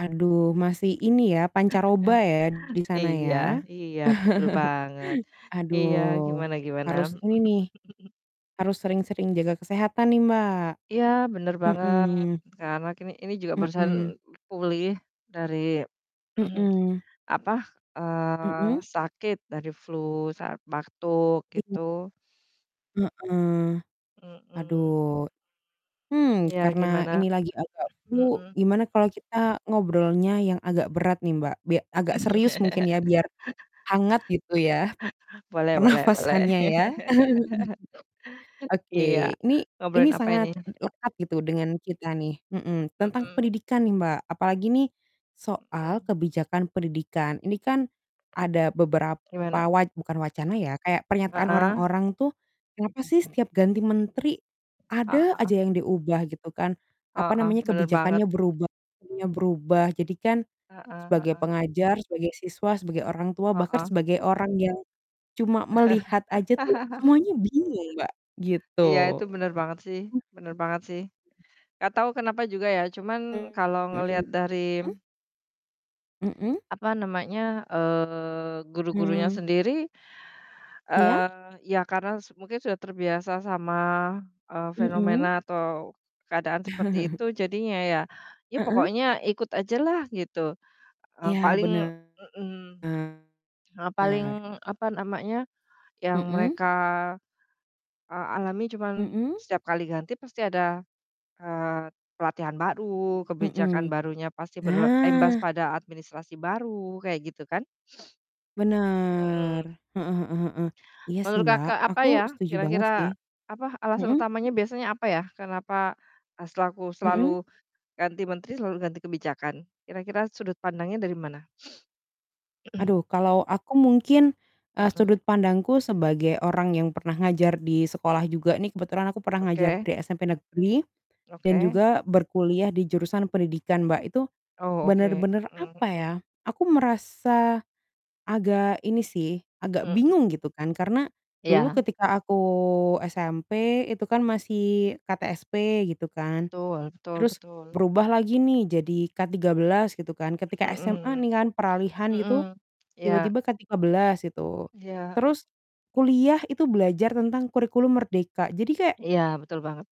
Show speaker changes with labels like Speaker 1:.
Speaker 1: Aduh masih ini ya pancaroba
Speaker 2: Heeh.
Speaker 1: ya di sana ya?
Speaker 2: Iya iya betul banget,
Speaker 1: Aduh,
Speaker 2: iya gimana gimana?
Speaker 1: harus ini nih, harus sering-sering jaga kesehatan nih, Mbak.
Speaker 2: Iya bener banget.
Speaker 1: Mhm.
Speaker 2: Karna kini ini juga barusan
Speaker 1: Mhm.
Speaker 2: pulih dari,
Speaker 1: Mhm.
Speaker 2: apa, eee,
Speaker 1: Mhm.
Speaker 2: sakit dari flu saat batuk
Speaker 1: Iya.
Speaker 2: gitu.
Speaker 1: Heeh.
Speaker 2: Mhm.
Speaker 1: Aduh, hmm,
Speaker 2: Ya,
Speaker 1: karena
Speaker 2: gimana?
Speaker 1: ini lagi agak flu
Speaker 2: Mhm.
Speaker 1: gimana kalau kita ngobrolnya yang agak berat nih, Mbak. Bia agak serius mungkin ya biar hangat gitu ya
Speaker 2: Boleh boleh boleh.
Speaker 1: pernapasannya ya.
Speaker 2: Iya,
Speaker 1: Oke ini ini
Speaker 2: ngobrolin apa
Speaker 1: sangat
Speaker 2: ini?
Speaker 1: lekat gitu dengan kita nih, mhm. Tentang
Speaker 2: Mhm.
Speaker 1: pendidikan nih, Mbak, apalagi nih soal
Speaker 2: Mhm.
Speaker 1: kebijakan pendidikan. Ini kan ada beberapa
Speaker 2: Gimana?
Speaker 1: wa bukan wacana ya kayak pernyataan
Speaker 2: Heeh.
Speaker 1: orang-orang tuh, "Kenapa sih setiap ganti menteri ada aja
Speaker 2: Ah.
Speaker 1: yang diubah?" gitu kan, apa
Speaker 2: Heeh,
Speaker 1: namanya,
Speaker 2: bener banget.
Speaker 1: kebijakannya berubah, [unintelligible] berubah. Jadi kan
Speaker 2: Heeh
Speaker 1: sebagai
Speaker 2: heeh.
Speaker 1: pengajar, sebagai siswa, sebagai orang tua bahkan
Speaker 2: Heeh.
Speaker 1: sebagai orang yang cuma melihat aja tuh semuanya bingung, Mbak,
Speaker 2: Iya, itu
Speaker 1: gitu.
Speaker 2: bener banget sih bener banget sih. Gak tahu kenapa juga ya cuman
Speaker 1: Mmm,
Speaker 2: kalau
Speaker 1: mhm,
Speaker 2: ngelihat dari
Speaker 1: mmm? Mhm.
Speaker 2: apa namanya, eee, guru-gurunya
Speaker 1: Hmm.
Speaker 2: sendiri,
Speaker 1: Iya?
Speaker 2: eee, ya karena s mungkin sudah terbiasa sama, eee,
Speaker 1: Mhm.
Speaker 2: fenomena atau keadaan seperti itu jadinya ya, ya
Speaker 1: Heeh.
Speaker 2: pokoknya ikut ajalah gitu, eee,
Speaker 1: Iya,
Speaker 2: paling
Speaker 1: benar.
Speaker 2: mhm, eee, paling, apa namanya, yang
Speaker 1: Mhm.
Speaker 2: mereka, eee, alami cuman
Speaker 1: Mhm.
Speaker 2: setiap kali ganti pasti ada, eee, pelatihan baru, kebijakan
Speaker 1: Mhm.
Speaker 2: barunya pasti berimbas
Speaker 1: Nah.
Speaker 2: pada administrasi baru kayak gitu kan.
Speaker 1: Bener,
Speaker 2: Mhm.
Speaker 1: heeh heeh heeh, iya sih,
Speaker 2: Menurut,
Speaker 1: Mbak,
Speaker 2: Kakak, apa
Speaker 1: aku
Speaker 2: ya
Speaker 1: setuju banget sih.
Speaker 2: kira-kira, apa alasan
Speaker 1: Mhm.
Speaker 2: utamanya biasanya, apa ya? Kenapa, eee, selaku
Speaker 1: Mhm.
Speaker 2: selalu ganti menteri selalu ganti kebijakan? Kira-kira sudut pandangnya dari mana?
Speaker 1: Aduh kalau aku mungkin, eee, sudut
Speaker 2: Mhm.
Speaker 1: pandangku sebagai orang yang pernah ngajar di sekolah juga nih kebetulan aku pernah ngajar
Speaker 2: Oke.
Speaker 1: di SMP negeri dan
Speaker 2: Oke.
Speaker 1: juga berkuliah di jurusan pendidikan, Mbak, itu
Speaker 2: Oh, oke,
Speaker 1: benar-benar,
Speaker 2: mhm
Speaker 1: apa ya,
Speaker 2: mhm.
Speaker 1: aku merasa agak ini sih, agak
Speaker 2: Mhm.
Speaker 1: bingung gitu kan karena dulu
Speaker 2: Iya.
Speaker 1: ketika aku SMP itu kan masih KTSP gitu kan.
Speaker 2: Betul betul
Speaker 1: Terus
Speaker 2: betul.
Speaker 1: berubah lagi nih jadi K-13 gitu kan, ketika SMA
Speaker 2: Mhm,
Speaker 1: nih kan peralihan itu,
Speaker 2: mhm, iya.
Speaker 1: tiba-tiba K-13 gitu,
Speaker 2: Iya.
Speaker 1: terus kuliah itu belajar tentang Kurikulum Merdeka jadi kayak
Speaker 2: Iya, betul banget